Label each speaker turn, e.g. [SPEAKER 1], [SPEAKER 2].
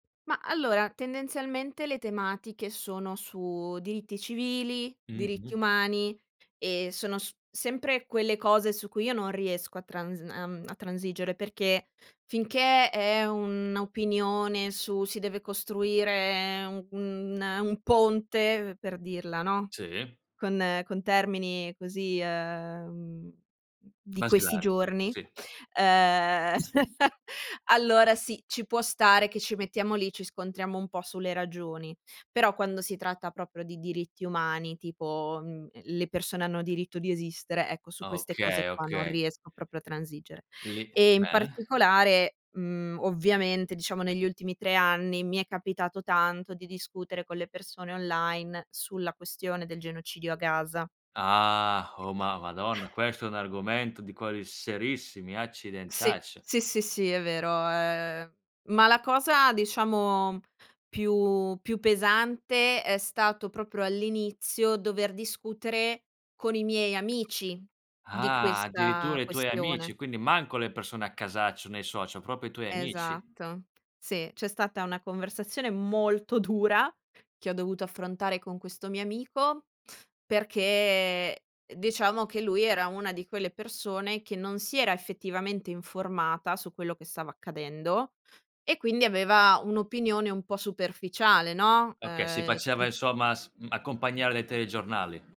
[SPEAKER 1] Ma, allora, tendenzialmente le tematiche sono su diritti civili, diritti
[SPEAKER 2] Mh-mh.
[SPEAKER 1] umani e sono s sempre quelle cose su cui io non riesco a trans uhm, a transigere, perché finché è un'opinione su: si deve costruire un un ehm, un ponte, per dirla, no,
[SPEAKER 2] Sì.
[SPEAKER 1] con ehm, con termini così, ehm, mhmm, di questi
[SPEAKER 2] Basilari,
[SPEAKER 1] giorni,
[SPEAKER 2] sì.
[SPEAKER 1] ehm, allora sì, ci può stare che ci mettiamo lì, ci scontriamo un po' sulle ragioni. Però quando si tratta proprio di diritti umani, tipo, mhmm, le persone hanno diritto di esistere, ecco, su queste cose
[SPEAKER 2] Okay,
[SPEAKER 1] qua non
[SPEAKER 2] okay.
[SPEAKER 1] riesco proprio a transigere.
[SPEAKER 2] Lì,
[SPEAKER 1] E in
[SPEAKER 2] bene.
[SPEAKER 1] particolare, mhmm, ovviamente diciamo negli ultimi 3 anni mi è capitato tanto di discutere con le persone online sulla questione del genocidio a Gaza.
[SPEAKER 2] Ah! Oh, Ma Madonna! Questo è un argomento di quelli serissimi,
[SPEAKER 1] Sì,
[SPEAKER 2] accidentaccio!
[SPEAKER 1] sì, sì, sì, è vero, ehm, ma la cosa diciamo più più pesante, è stato proprio all'inizio dover discutere con i miei amici di
[SPEAKER 2] Ah!
[SPEAKER 1] questa
[SPEAKER 2] Addirittura i tuoi
[SPEAKER 1] questione.
[SPEAKER 2] amici, quindi manco le persone a casaccio nei social, proprio i tuoi amici.
[SPEAKER 1] Esatto, sì. C'è stata una conversazione molto dura che ho dovuto affrontare con questo mio amico perché, ehm, diciamo che lui era una di quelle persone che non si era effettivamente informata su quello che stava accadendo e quindi aveva un'opinione un po' superficiale, no,
[SPEAKER 2] Okay, si
[SPEAKER 1] ehm,
[SPEAKER 2] faceva
[SPEAKER 1] ti
[SPEAKER 2] insomma s mhmm, accompagnare dai telegiornali.